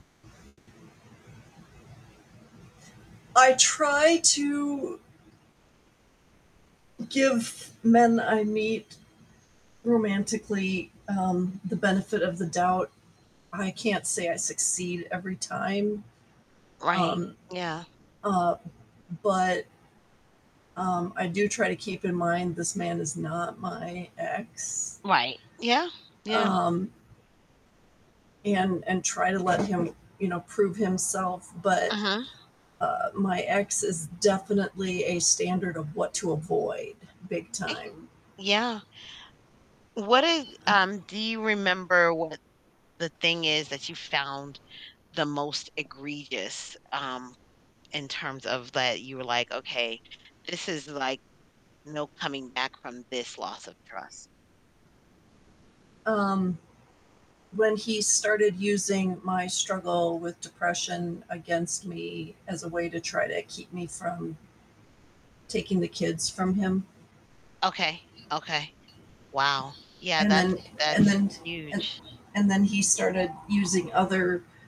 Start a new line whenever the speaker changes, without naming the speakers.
I try to give men I meet romantically, um, the benefit of the doubt. I can't say I succeed every time.
Right,
Um,
yeah.
uh, but um, I do try to keep in mind, this man is not my ex
Right. Yeah. Yeah.
um and and try to let him, you know, prove himself. But,
Mhm.
uh, my ex is definitely a standard of what to avoid, big
E
time.
Yeah. What is
Uh
um, do you remember what the thing is that you found the most egregious, um, in terms of that you were like, "Okay, this is, like, no coming back from this loss of trust?"
Um, when he started using my struggle with depression against me as a way to try to keep me from taking the kids from him.
Okay. Okay. Wow. Yeah.
And
That's
then and
that's
then and
huge.
and then he started using other